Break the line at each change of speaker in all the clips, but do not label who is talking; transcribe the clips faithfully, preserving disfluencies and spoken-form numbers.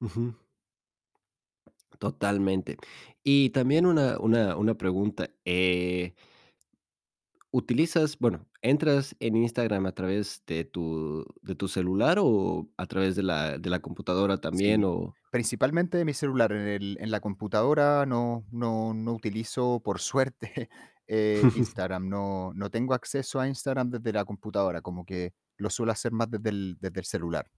Ujú. Totalmente. Y también una una una pregunta, eh ¿utilizas bueno, entras en Instagram a través de tu de tu celular o a través de la de la computadora también
Sí,
o
principalmente mi celular, en el en la computadora no no no utilizo, por suerte, eh, Instagram, no no tengo acceso a Instagram desde la computadora, como que lo suelo hacer más desde el desde el celular.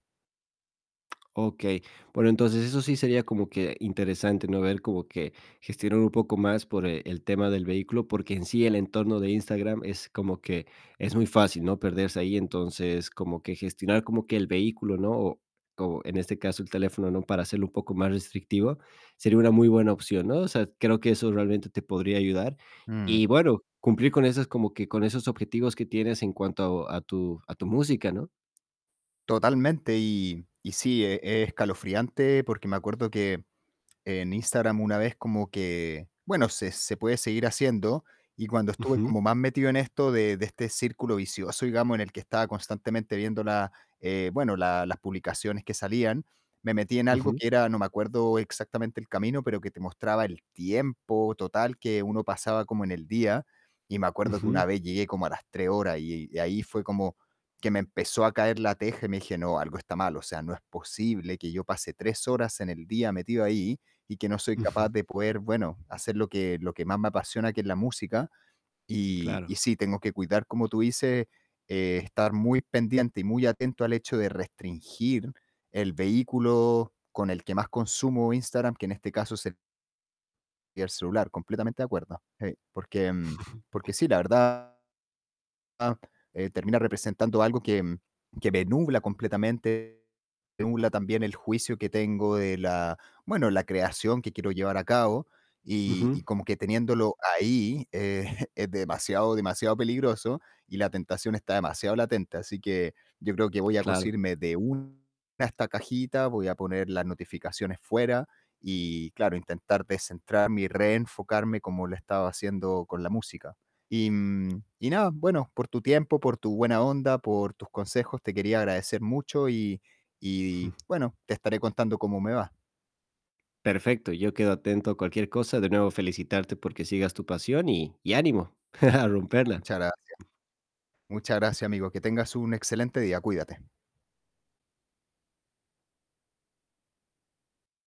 Okey, bueno, entonces eso sí sería como que interesante, ¿no?, ver como que, gestionar un poco más por el el tema del vehículo, porque en sí el entorno de Instagram es como que es muy fácil, ¿no?, perderse ahí, entonces como que gestionar como que el vehículo, ¿no?, o o en este caso el teléfono, ¿no?, para hacerlo un poco más restrictivo sería una muy buena opción, ¿no?, o sea, creo que eso realmente te podría ayudar
Mm.
y bueno, cumplir con esas como que con esos objetivos que tienes en cuanto a tu a tu música, ¿no?
Totalmente, y y sí e es escalofriante, porque me acuerdo que en Instagram una vez como que bueno, se se puede seguir haciendo y cuando estuve
Ujú.
como más metido en esto de de este círculo vicioso, digamos, en el que estaba constantemente viendo la, eh bueno, la las publicaciones que salían, me metí en algo
Ujú.
que era, no me acuerdo exactamente el camino, pero que te mostraba el tiempo total que uno pasaba como en el día, y me acuerdo que
Ujú.
una vez llegué como a las tres horas y y ahí fue como que me empezó a caer la teja y me dije: "No, algo está mal, o sea, no es posible que yo pase tres horas en el día metido ahí y que no soy capaz
Ujú.
de poder, bueno, hacer lo que lo que más me apasiona, que es la música", y y
Claro.
sí, tengo que cuidar, como tú dices, eh, estar muy pendiente y muy atento al hecho de restringir el vehículo con el que más consumo Instagram, que en este caso es el y el celular, completamente de acuerdo, sí, porque porque sí, la verdad, eh, termina representando algo que que me nubla completamente, me nubla también el juicio que tengo de la bueno, la creación que quiero llevar a cabo y
Ujú.
y como que teniéndolo ahí, eh, es demasiado, demasiado peligroso y la tentación está demasiado latente, así que yo creo que voy a
Claro.
cosirme de una de estas cajitas, voy a poner las notificaciones fuera y claro, intentar descentrarme y reenfocarme como lo he estado haciendo con la música, y, mm, y nada, bueno, por tu tiempo, por tu buena onda, por tus consejos, te quería agradecer mucho y y bueno, te estaré contando cómo me va.
Perfecto, yo quedo atento a cualquier cosa, de nuevo felicitarte porque sigas tu pasión y y ánimo. A romperla.
Muchas gracias. Muchas gracias, amigo, que tengas un excelente día, cuídate.